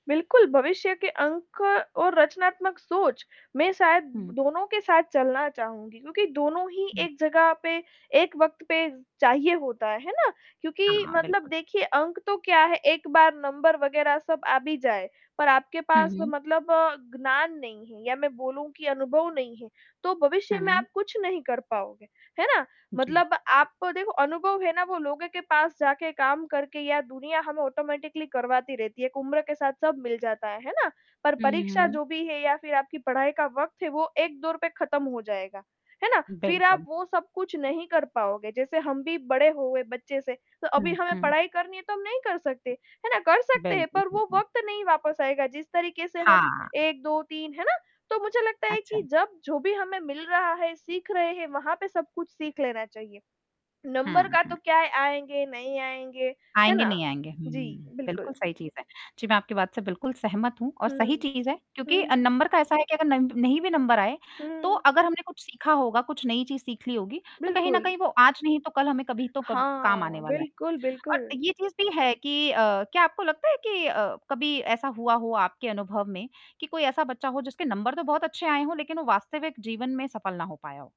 बिल्कुल, भविष्य के अंक और रचनात्मक सोच, मैं शायद हुँ। दोनों के साथ चलना चाहूँगी, क्योंकि दोनों ही हुँ। एक जगह पे, एक वक़्त पे चाहिए होता है। है ना? क्योंकि हाँ, मतलब बिल्कुल। देखिए, अंक तो क्या है, एक बार नंबर वगैरह सब आ भी जाए, पर आपके हुँ, पास तो हुँ। मतलब ज्ञान नहीं है, या मैं बोलूँ, कि अनुभव नहीं है, तो भविष्य हाँ, में हुँ। आप कुछ नहीं कर पाओगे। है ना? जी। मतलब आपको, देखो, अनुभव है ना, वो लोगो के पास जाके काम करके या दुनिया हमें ऑटोमैटिकली करवाती रहती है। एक उम्र के साथ सब मिल जाता है। है ना? पर हुँ, हुँ, हुँ, परीक्षा हुँ। जो भी है, या फिर आपकी पाई का वक़्त है, वो एक दौर पे खत्म हो जाएगा। है ना? फिर आप बिल्कुल। वो सब कुछ नहीं कर पाओगे। जैसे हम भी बड़े हो गए बच्चे से, तो अभी हुँ, हमें हुँ। पढ़ाई करनी है, तो हम नहीं कर सकते। है ना? कर सकते हैं, बिल्कुल, पर वो बिल्कुल। वक़्त नहीं वापस आएगा, जिस तरीके से हम हाँ। 1 2 3 है ना? तो मुझे लगता है कि अच्छा। जब जो भी हमें मिल रहा है, सीख रहे हैं, वहाँ पे सब कुछ सीख लेना चाहिए। नंबर हुँ, का तो हुँ। क्या है, आएँगे, नहीं आएँगे। है आएँगे, ना? नहीं आएँगे, जी, हुँ। बिल्कुल बिल्कुल। सही चीज़ है। जी, मैं आपकी बात से बिल्कुल सहमत हूँ और हुँ। सही चीज़ है, हुँ, क्योंकि अ, हुँ। नंबर का ऐसा है कि अगर नंब नहीं भी नंबर आए, तो हुँ। अगर हमने कुछ सीखा होगा, कुछ नई चीज़ सीख ली होगी, तो कहीं न बिल्कुल। कहीं, वो आज नहीं तो कल, हमें कभी तो कब काम हाँ, आने वाला है। बिल्कुल, और अ, बिल्कुल। ये चीज़ भी है कि अ, क्या आपको लगता है कि अ, कभी ऐसा हुआ हो आपके अनुभव में, कि कोई ऐसा बच्चा हो, जिसके नंबर तो बहुत अच्छे आए हों, लेकिन वो वास्तविक जीवन में सफल ना हो पाया हो?